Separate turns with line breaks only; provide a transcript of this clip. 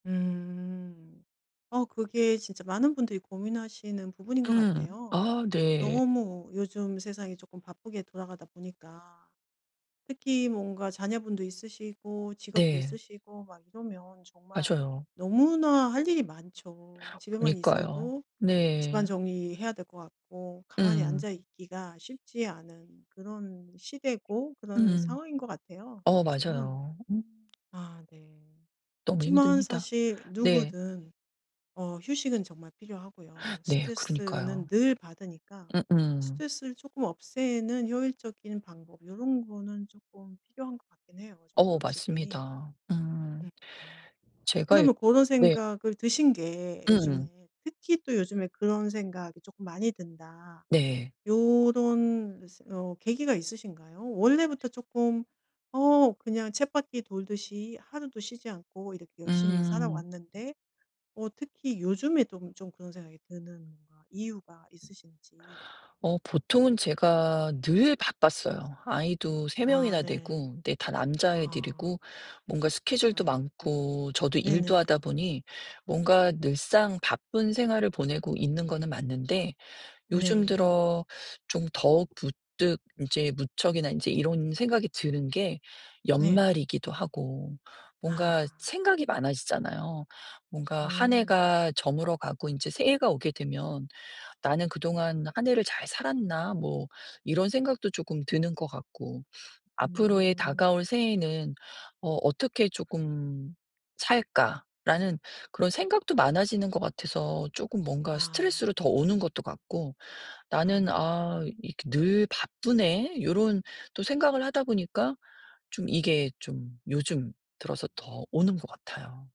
음. 어 그게 진짜 많은 분들이 고민하시는 부분인 것
음.
같아요.
아 네.
너무 요즘 세상이 쪼끔 바쁘게 돌아가다 보니까 특히 뭔가 자녀분도 있으시고 직업도
네.
있으시고 막 이러면 정말
맞아요.
너무나 할 일이 많죠. 집에만
그니까요.
있어도 집안
네.
정리해야 될 것 같고 가만히
음.
앉아 있기가 쉽지 않은 그런 시대고 그런
음.
상황인 것 같아요
어.
요즘은.
맞아요. 음.
아 네.
너무
그치만
힘듭니다.
사실
네.
누구든 어 휴식은 정말 필요하고요.
네.
스트레스는
그러니까요.
늘 받으니까
음음.
스트레스를 쪼끔 없애는 효율적인 방법 요런 거는 쪼끔 필요한 것 같긴 해요 좀
어.
확실히.
맞습니다. 음.
음음.
제가 이
그러면 고런
네.
생각을 드신 게
음.
요즘에 특히 또 요즘에 그런 생각이 쪼끔 많이 든다
네.
요런 새 어 계기가 있으신가요?
아직
원래부터 쪼끔 어 그냥 쳇바퀴 돌듯이 하루도 쉬지 않고 이렇게 열심히
음.
살아왔는데 어 특히 요즘에 또 좀 그런 생각이 드는 아 이유가 있으신지.
어 보통은 제가 늘 바빴어요. 아이도 3
아
명이나
네.
되고 근데 다
아.
남자애들이고 뭔가 스케줄도
아이고.
많고 저도 일도
네네.
하다 보니 뭔가 늘상 바쁜 생활을 보내고 있는 거는 맞는데 요즘
네.
들어 좀 더 부뜩 인제 무척이나 인제 이런 생각이 드는 게
네.
연말이기도 하고 뭔가
아.
생각이 많아지잖아요. 뭔가 한
음.
해가 저물어가고 인제 새해가 오게 되면 '나는 그동안 한 해를 잘 살았나?' 뭐 이런 생각도 쪼끔 드는 것 같고 '앞으로의
음.
다가올 새해에는 어 어떻게 쪼끔 살까?'라는 그런 생각도 많아지는 것 같아서 쪼끔 뭔가
아.
스트레스로 더 오는 것도 같고
아
'나는
네네.
아 이렇게 늘 바쁘네.' 요런 또 생각을 하다 보니까 좀 이게 좀 요즘 들어서 더 오는 것 같아요.